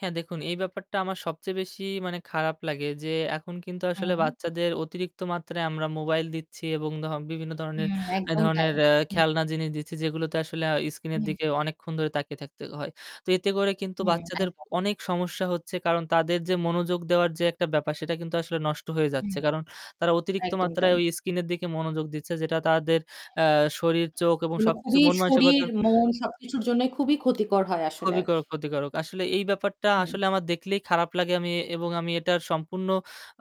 হ্যাঁ, দেখুন এই ব্যাপারটা আমার সবচেয়ে বেশি মানে খারাপ লাগে যে এখন কিন্তু আসলে হুম। বাচ্চাদের অতিরিক্ত মাত্রায় আমরা মোবাইল দিচ্ছি এবং ধ বিভিন্ন ধরনের হুম। একদম তাই। এধরণের হুম। খেলনা জিনিস দিচ্ছি যেগুলোতে আসলে আ স্ক্রিনের হুম। দিকে অনেকক্ষণ ধরে তাকিয়ে থাকতে হয়। তো এতে করে কিন্তু হ্যাঁ, বাচ্চাদের একদম। অনেক সমস্যা হচ্ছে কারণ তাদের যে মনোযোগ দেওয়ার যে একটা ব্যাপার সেটা কিন্তু আসলে নষ্ট হয়ে হুম। যাচ্ছে কারণ তারা অতিরিক্ত একদম মাত্রায় তাই। ওই স্ক্রিনের দিকে মনোযোগ দিচ্ছে যেটা তাদের আ শরীর চোখ এবং এগুলো সবকিছু খুবই মন শরীর, মানসিকতার মন সবকিছুর জন্য খুবই ক্ষতিকর হয় আসলে। খুবই ক্ষ ক্ষতিকারক। আসলে এই ব্যাপারটা হুম। আসলে আমার দেখলেই খারাপ লাগে আমি এবং আমি এটার সম্পূর্ণ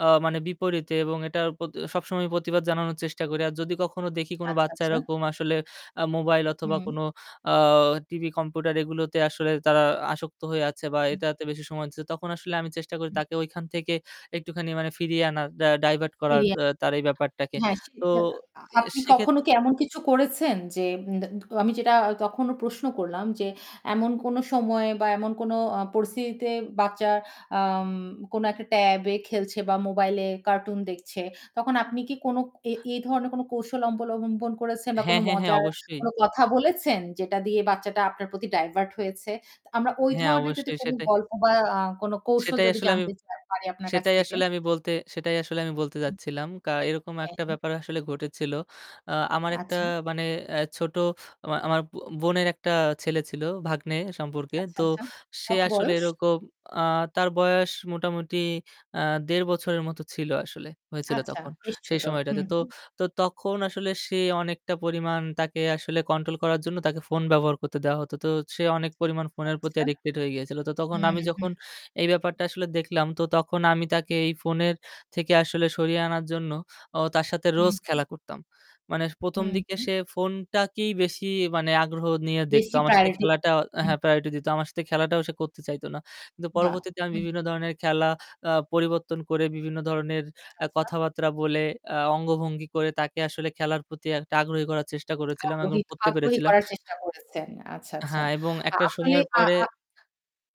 আ মানে বিপরীতে এবং এটার প্রতি সবসময়ই প্রতিবাদ জানানোর চেষ্টা করি। আর যদি কখনো দেখি কোন আচ্ছা, বাচ্চা আচ্ছা? এরকম আসলে আ মোবাইল অথবা হুম। কোন আ টিভি, কম্পিউটার এগুলোতে আসলে তারা আসক্ত হয়ে আছে বা এটাতে বেশি সময় দিচ্ছে তখন আসলে আমি চেষ্টা করি তাকে ঐখান থেকে একটুখানি মানে ফিরিয়ে আনার ডা ডাইভার্ট করার ফিরিয়ে আ আ তার এই ব্যাপারটাকে। হ্যাঁ সে তো আ আ এ আপনি কখনো সেক্ষেত্রে কি এমন কিছু করেছেন যে আমি যেটা তখনো প্রশ্ন করলাম যে এমন কোন সময় বা এমন কোন আ পরিস্থিতিতে বাচ্চার আম কোন একটা ট্যাব এ খেলছে বা মোবাইলে কার্টুন দেখছে। তখন আপনি কি কোন এ এই ধরনের কোন কৌশল অবলম্বন করেছেন বা কোন হ্যাঁ, হ্যাঁ, হ্যাঁ, মজার অবশ্যই। কোন কথা বলেছেন যেটা দিয়ে বাচ্চাটা আপনার প্রতি ডাইভার্ট হয়েছে। আমরা ওই হ্যাঁ, ধরনের যদি অবশ্যই, কোন সেটাই। গল্প বা আ কোন কৌশল সেটাই যদি আসলে আমি জানতে চাই পারি আপনার কাছ সেটাই থেকে। আসলে আমি বলতে সেটাই আসলে আমি বলতে যাচ্ছিলাম। কা এরকম হ্যাঁ। একটা হ্যাঁ। ব্যাপার আসলে ঘটেছিল। আ আমার একটা আচ্ছা। মানে এ ছোট আমার আমার বোনের একটা ছেলে ছিল ভাগ্নে সম্পর্কে, আচ্ছা, তো আচ্ছা, সে কত আসলে বয়স? এরকম, আ তার বয়স মোটামুটি আ ১.৫ বছরের মতো ছিল আসলে, হয়েছিল আচ্ছা তখন, বেশ সেই ছোট। সময়টাতে। হুম, তো হুম। তো তখন আসলে সে অনেকটা পরিমাণ তাকে আসলে কন্ট্রোল করার জন্য তাকে ফোন ব্যবহার করতে দেওয়া হতো। তো সে অনেক পরিমাণ ফোনের প্রতি আচ্ছা। অ্যাডিক্টেড হয়ে গিয়েছিল। তো তখন হুম, আমি হুম। যখন এই ব্যাপারটা আসলে দেখলাম তো তখন আমি তাকে এই ফোনের থেকে আসলে সরিয়ে আনার জন্য ও তার সাথে হুম, রোজ হুম। খেলা করতাম। মানে ১ম হুম, দিকে হুম। সে ফোনটাকেই বেশি মানে আগ্রহ নিয়ে দেখতো, বেশি আমার সাথে প্রায়োরিটি দেয়। খেলাটা হুম। হ্যাঁ প্রায়োরিটি দিত, আমার সাথে খেলাটাও সে করতে চাইতো না। কিন্তু বাহ। পরবর্তীতে আমি হুম। বিভিন্ন ধরনের খেলা আ পরিবর্তন করে বিভিন্ন ধরনের এ আচ্ছা। কথাবার্তা বলে আ অঙ্গভঙ্গি করে তাকে আসলে খেলার প্রতি একটা আগ্রহী করার চেষ্টা করেছিলাম এবং আগ্রহী করতে আগ্রহী পেরেছিলাম। করার চেষ্টা করেছেন। আচ্ছা, আচ্ছা। হ্যাঁ, এবং একটা আপনি সময়ের আ পরে আ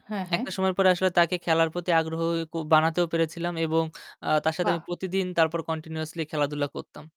হ্যাঁ, হ্যাঁ। একটা সময় পরে আসলে তাকে খেলার প্রতি আগ্রহী বানাতেও পেরেছিলাম এবং আ তার সাথে বাহ। আমি প্রতিদিন তারপর কন্টিনিউয়াসলি খেলাধুলা করতাম।